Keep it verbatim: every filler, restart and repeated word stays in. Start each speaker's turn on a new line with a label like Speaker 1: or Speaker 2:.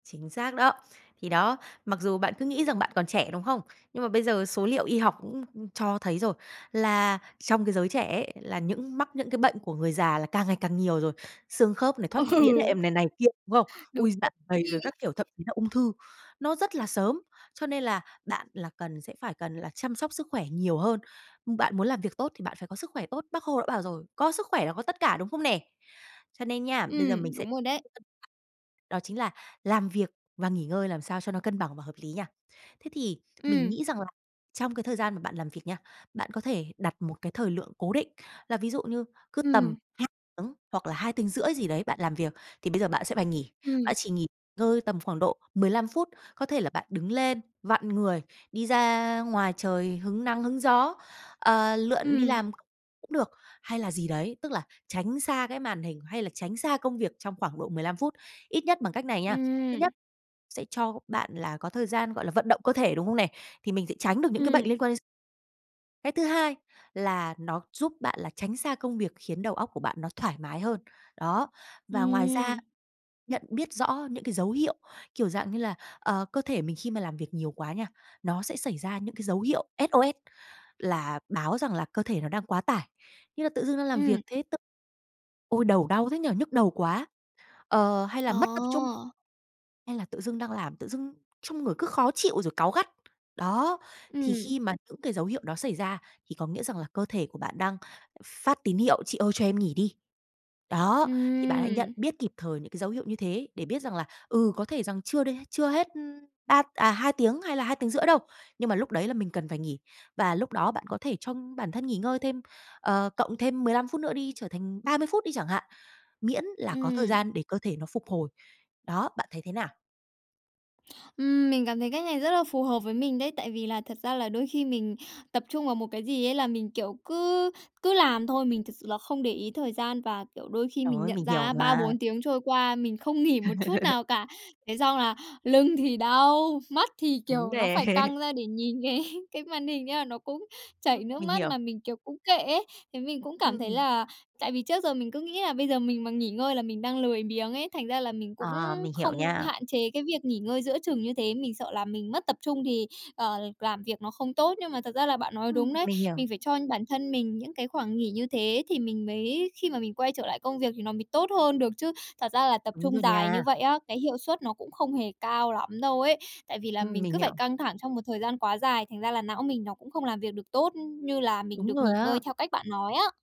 Speaker 1: Chính xác đó! Thì đó, mặc dù bạn cứ nghĩ rằng bạn còn trẻ, đúng không? Nhưng mà bây giờ số liệu y học cũng cho thấy rồi, là trong cái giới trẻ ấy, là những mắc những cái bệnh của người già là càng ngày càng nhiều rồi: xương khớp này, thoát
Speaker 2: Ừ.
Speaker 1: vị đĩa đệm này, này kia, đúng không?
Speaker 2: Đúng
Speaker 1: Ôi! Dạ
Speaker 2: rồi
Speaker 1: dày
Speaker 2: ấy.
Speaker 1: rồi các kiểu, thậm chí là ung thư, nó rất là sớm. Cho nên là bạn là cần sẽ phải cần là chăm sóc sức khỏe nhiều hơn. Bạn muốn làm việc tốt, thì bạn phải có sức khỏe tốt, Bác Hồ đã bảo rồi: "Có sức khỏe là có tất cả", đúng không nè? Cho nên nha, bây giờ
Speaker 2: Ừm,
Speaker 1: mình sẽ
Speaker 2: đúng rồi đấy.
Speaker 1: [unintelligible] đó chính là làm việc và nghỉ ngơi làm sao cho nó cân bằng và hợp lý nha. Thế thì mình
Speaker 2: Ừm.
Speaker 1: nghĩ rằng là trong cái thời gian mà bạn làm việc nha, bạn có thể đặt một cái thời lượng cố định. Là ví dụ như cứ tầm
Speaker 2: Ừm.
Speaker 1: hai tiếng hoặc là hai tiếng rưỡi gì đấy bạn làm việc, thì bây giờ bạn sẽ phải nghỉ.
Speaker 2: Ừm.
Speaker 1: Bạn chỉ nghỉ ngơi tầm khoảng độ mười lăm phút, có thể là bạn đứng lên, vặn người, đi ra ngoài trời hứng nắng, hứng gió, ờ, lượn đi
Speaker 2: Ừm.
Speaker 1: làm cũng được, hay là gì đấy. Tức là tránh xa cái màn hình, hay là tránh xa công việc trong khoảng độ mười lăm phút. Ít nhất bằng cách này nha, thứ
Speaker 2: Ừm.
Speaker 1: nhất, sẽ cho bạn là có thời gian, gọi là, vận động cơ thể, đúng không nè? Thì mình sẽ tránh được những cái bệnh
Speaker 2: Ừm.
Speaker 1: liên quan đến x Cái thứ hai là nó giúp bạn là tránh xa công việc, khiến đầu óc của bạn nó thoải mái hơn. Đó! Và ngoài ra,
Speaker 2: Ừm.
Speaker 1: nhận biết rõ những cái dấu hiệu kiểu dạng như là, ờ, cơ thể mình khi mà làm việc nhiều quá nha, nó sẽ xảy ra những cái dấu hiệu SOS, là báo rằng là cơ thể nó đang quá tải. Như là tự dưng đang làm việc
Speaker 2: Ừm.
Speaker 1: thế t ôi, đầu đau thế nhỉ, nhức đầu quá! Ờ, hay là
Speaker 2: Ờ.
Speaker 1: mất tập trung, hay là tự dưng đang làm, tự dưng trong người cứ khó chịu rồi cáu gắt. Đó! Thì
Speaker 2: Ừm.
Speaker 1: khi mà những cái dấu hiệu đó xảy ra thì có nghĩa rằng là cơ thể của bạn đang phát tín hiệu: "Chị ơi, cho em nghỉ đi!" Đó, thì bạn hãy nhận
Speaker 2: Ừm.
Speaker 1: biết kịp thời những cái dấu hiệu như thế để biết rằng là, ừ, có thể rằng chưa đê chưa hết ba, à, hai tiếng hay là hai tiếng rưỡi đâu, nhưng mà lúc đấy là mình cần phải nghỉ. Và lúc đó bạn có thể cho bản thân nghỉ ngơi thêm, ờ, cộng thêm mười lăm phút nữa đi, trở thành ba mươi phút đi chẳng hạn, miễn là có thời
Speaker 2: Ừm.
Speaker 1: gian để cơ thể nó phục hồi. Đó, bạn thấy thế nào?
Speaker 2: Ừm, mình cảm thấy cách này rất là phù hợp với mình đấy. Tại vì là thật ra là đôi khi mình tập trung vào một cái gì ấy là mình, kiểu, cứ cứ làm thôi. Mình thực sự là không để ý thời gian, và, kiểu, đôi khi
Speaker 1: Trời
Speaker 2: mình
Speaker 1: ơi,
Speaker 2: nhận
Speaker 1: mình hiểu
Speaker 2: ra ba
Speaker 1: mà!
Speaker 2: bốn tiếng trôi qua, mình không nghỉ một chút nào cả. Thế xong là lưng thì đau, mắt thì
Speaker 1: Đúng
Speaker 2: kiểu nó
Speaker 1: nè.
Speaker 2: phải căng ra để nhìn cái cái màn hình, thế là nó cũng
Speaker 1: Ưm.
Speaker 2: chảy nước
Speaker 1: Mình
Speaker 2: mắt
Speaker 1: hiểu.
Speaker 2: mà mình, kiểu, cũng kệ ấy. Thế mình cũng cảm thấy
Speaker 1: Ừm.
Speaker 2: là tại vì trước giờ mình cứ nghĩ là bây giờ mình mà nghỉ ngơi là mình đang lười biếng ấy, thành ra là mình cũng
Speaker 1: Ờ, mình hiểu
Speaker 2: không
Speaker 1: nha.
Speaker 2: hạn chế cái việc nghỉ ngơi giữa chừng như thế. Mình sợ là mình mất tập trung thì, ờ, làm việc nó không tốt. Nhưng mà thật ra là bạn nói đúng
Speaker 1: Ừm,
Speaker 2: đấy,
Speaker 1: mình hiểu.
Speaker 2: mình phải cho bản thân mình những cái khoảng nghỉ như thế thì mình mới khi mà mình quay trở lại công việc thì nó mới tốt hơn được chứ. Thật ra là tập
Speaker 1: Đúng
Speaker 2: trung
Speaker 1: rồi
Speaker 2: dài
Speaker 1: nha.
Speaker 2: như vậy á, cái hiệu suất nó cũng không hề cao lắm đâu ấy. Tại vì là
Speaker 1: Ừm,
Speaker 2: mình
Speaker 1: mình
Speaker 2: cứ phải
Speaker 1: hiểu.
Speaker 2: căng thẳng trong một thời gian quá dài, thành ra là não mình nó cũng không làm việc được tốt như là mình
Speaker 1: Đúng
Speaker 2: được
Speaker 1: rồi
Speaker 2: nghỉ ngơi
Speaker 1: á.
Speaker 2: theo cách bạn nói á.